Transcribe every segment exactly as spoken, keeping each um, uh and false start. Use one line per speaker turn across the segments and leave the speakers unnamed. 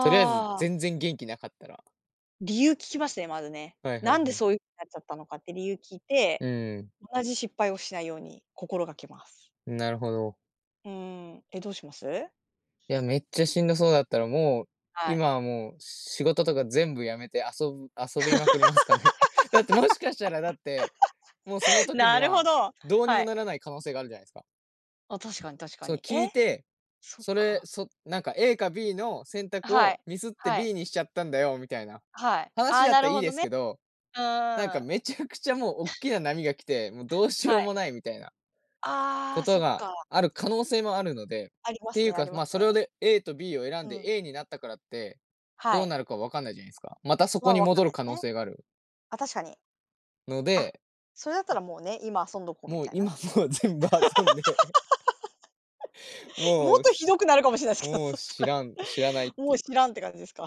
とりあえず、
あ。
全然元気なかったら
理由聞きますね、まずね。
はいは
な
い
んで
はい。
そういう、なっちゃったのかって理由聞い
う
て、
ーん。
同じ失敗をしないように心がけます。
なるほど。
うーん、え、どうします？
いや、めっちゃしんどそうだったら、もう、
はい。
今はもう仕事とか全部やめて遊ぶ遊びまくりますかね。だって、もしかしたらだって、もうその 時に
なるほ
は、
ど、
どうに
は
も
い。
ならない可能性があるじゃないすか。
あ、確かに確か
そ、
に、え？
聞いて、
そっ
それ、
か。
そなんか A か B の選択
は
を
い、
ミスって
はい。
B にしちゃったんだよみたいな
はい、あ
話
あ、
だっ
な
た
る
いい
ほど
です
ね。
けど、
う
なんか
ーん。
めちゃくちゃもうおっきな 波が来て、も、どうしよ
は
う
い。
もないみたいな、
あ
こ
あ、
と
そっ
が
か。
ある可能性もあるので、っ
ありま
て
す
いう
ねあ
か、
りま
まあ、
す
それ
ね。
をで、A と B を選
う
んで
ん。
A になったからって、
は
どう
い。
なるか分かんないじゃないすか。またそ
ま
こ
あ、
に
分か
戻
んな
る
い
可
す
能
ね。
性がある
あ、確かに。
の
あ、
で
それだったらもうね、今遊んどこうみ
もう、
たい
今
な？
もう全部遊んで
も
も
っ
う、
とひど
し
くなるかもしれないすけど、
も
そ
う
し
知
たら。
らん知らないっ
も
てい
う
う
知らんって感じですか？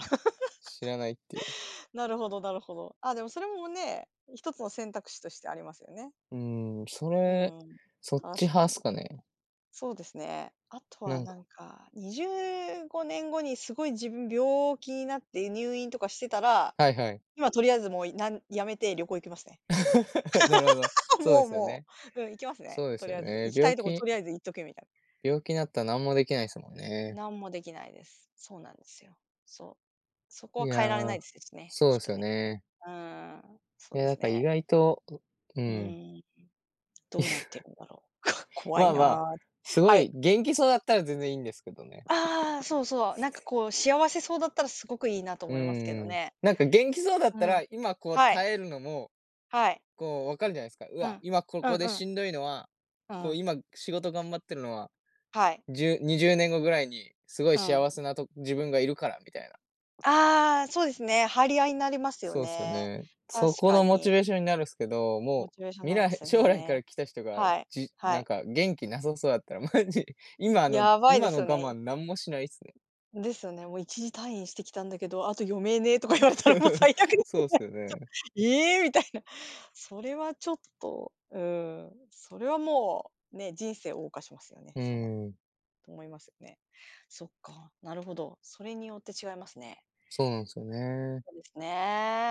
知らないっていう
なるほどなるほど。あ、でもそれもね、一つの選択肢としてありますよね。
うーん、そ
う
れ、
ーん、
そっち
確か
派
に。
すかね。
そうですね。あと
な
は
ん
な
か。
んかにじゅうごねんごに、すごい自分病気なって入院とかしてたら、
はいはい。
今とりあえずもういなんやめて旅行行きますね。
なるほど、そうで
もう
すよ
も
ね。
う、うん、行きますね、
そうで
と
す
り
よ、
あえず、
ええ、
行きた
病
いとこと
気
りあえず行っとけみたい
病気なった、なんもできないすもんね。
なんもできないです。そうなんですよ。そう、そこ
い
は変えられないで
や、
すですね、
そう
きっ
で
と
すよ
ね。
ね。
うーん、そ
い
う
や、
で
なん
す
か
ね。
意外とうう
う
ん。
ーん、どうなって るんだろう、こ怖
ま
い
あま
な、
あ、すご
は
い
い。
元気そうだったら全然いいんですけどね。
ああああ、そうそう、なんかこう幸せそうだったらすごくいいなと
う
思いますけど
んうん、
ね。
なんか元気そうだっ
う
たら、
ん。
今こう
はい。
耐えるのも、
はい。
こう分かるじゃないすか。う
う
わ、
ん、
今こ
う
こ
ん
で
うん。
しんどいのは、
う
こう
ん。
今仕事頑張ってるのは、
はい。
じゅにじゅうねんごぐらいにすごい
うん。
幸せなと自分がいるからみたいな。
ああ、そうですね、張り合いになりますよ
そうすよ
ね。
ね。そ
確
こ
か
のモチ
に。
ベーションになるすけど、
モ
も
チ
う、
ベーション
未
なりま
来
すよ
将来か
ね。
ら来た人が、
はい、
じ
は
なん
い。
か元気なさそやったら、マジ、今の
やばいで
今の
すよ
我慢
ね。
何もしないっすね。
ですよね、も、一時退院してきたんだけど、あと余命ねとか言われたらもう、最悪です
そ
よ
うす
ね
よ
ちょっと。
ね。
「ええ？」みたいな、それはちょっと、うん、それはもうね、人生謳歌しますよね、
う
そうな
ーん。
と思いますね。そっか、なるほど、それによって違いますね。
そうなんすよね。
そうですね。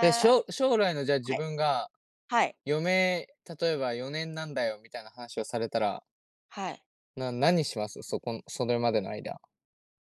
え、しょ将来のじゃあ、自
い。
分が、
はい。
余命、例えばよねんなんだよみたいな話をされたら
はい。
な何します？そこのそれまでの間。